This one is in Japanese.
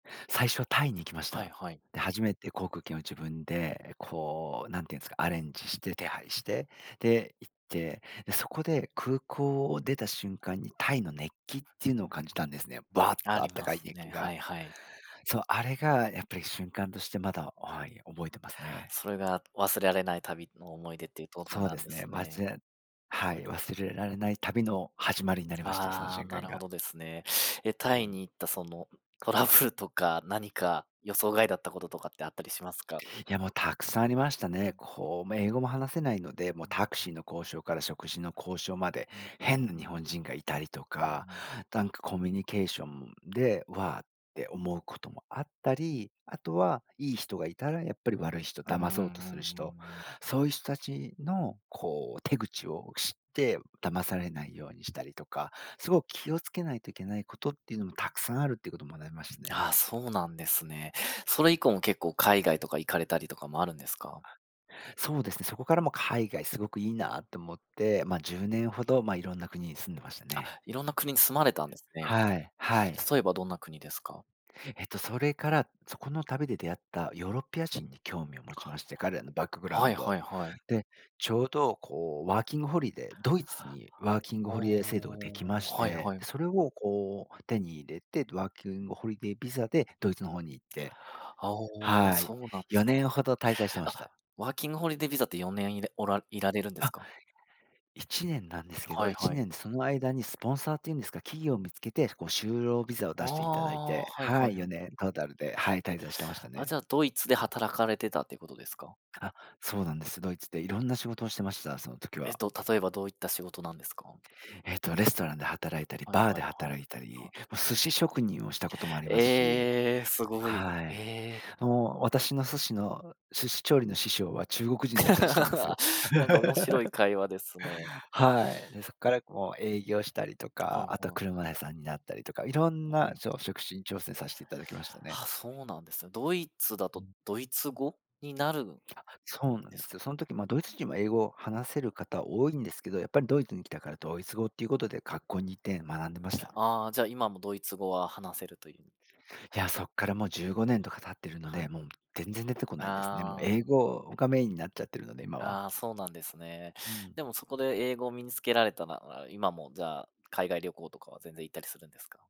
最初タイに行きましはいた。はい。で、初めて航空券を自分で、こう、なんていうんすか、アレンジして手配して、で、行って、で、そこで空港を出た瞬間にタイの熱気っていうのを感じたんですね、バーッ [unintelligible] あとあっりたまかいす熱気ね。が。はいはい。そう、あれがやっぱり瞬間としてまだ、あ、はい、覚えてますね。それが忘れられない旅の思い出っていうとこそうなでんすでね、すまね。ぜはい、忘れられない旅の始まりになりました、そのわあ、瞬な間るほが。どですね。え、うタイん。に行ったその、トラブルとか、何か予想外だったこととかってあったりしますか。いや、もうたくさんありましたうね。ん。こう、め英語も話せないので、もううん、タクうシん。ーの交渉から食事の交渉まで、うんうん変なう日本ん。人がいたりとうーか、ん。なんかコミュニケーションで、「わあ」って思うこともあったり、あとはいい人がいたらやっぱり悪い人、うふ、うん騙うんうんそうとする人、うん。うん。そういう人たちの、こう手口を知って騙されないようにしたりとか、すご気を付けないといけないことっていうのも沢山あるっていうことを学びますね。あ、そうなんですね。それ以降も結構海外とか行かれたりとかもあるんですか。あ、そうですね、そこからも海外すごくいいなと思って、ま、10年ほど、ま、いろんな国に住んでましたあ、ね。色んな国に住まれたんですね。はい、はい。例えばどんな国ですか。えっと、それから、そこの旅で出会ったヨーロッパ人に興味を持ちかまして、彼らのバックグあ。ラウはンいはド。いはい。で、ちょうど、こうワーキングホリデー、ドイツにワーキングほホリデー制度ができまお、して、はいはい。で、それをこう、手に入れて、ど、ワーキングホリデービザでドイツの方に行ってあ、お、はい、そうなんでよす。ねんほど滞在してましあ、た。ワーキングホリデービザって4年いれおらいられるんですあ。か。1年なんですけど、はいいちはい。ねんでその間にスポンサーっていうんですか、企業見つけて、こう就労ビザをあ出していただいあ、て、はいははいい、よはい。ねんトータルで、はい、滞在してましたあ、ね。じゃあ、ドイツで働かれてたってことですか？あ、そうなんです。ドイツでいろんな仕事をしてました、その時えっは。と、例えばどういった仕事なんですか？えっと、レストランで働いたり、はいバーはでいはい、働いたはり、い。も、寿司職人をしたこともありますしえ、すごい。はい。え。もう私の寿司の、寿司調理の師匠は中国人だったりしたんですよ。なんか面白い会話ですね。はい。で、そっからこう営業したりとふぁか、ん、あとはほあ。車屋さんになったりとか、いろんもな、はい。しょ職種に挑戦さしていただきましたあ、ね。そうなんですね。ドイツだうとん。ドイツ語になる、そうなんでです。すよ。そん時、ま、ドイツ人は英語話せる方多いんですけど、やっぱりドイツに来たからドイツ語っていうことで、学校に行って学んでました。ああ、じゃ、今もドイツ語は話せるという。いや、そっからもう15年とか経ってるのはで、もん。う全然出てこないですね。もう英ああ。語がメインになっちゃってるので、今は。ああ、そうなんですね。うん。でも、そこで英語を身に付けられたなら、今もじゃあ、海外旅行とかは全然行ったりするんですか？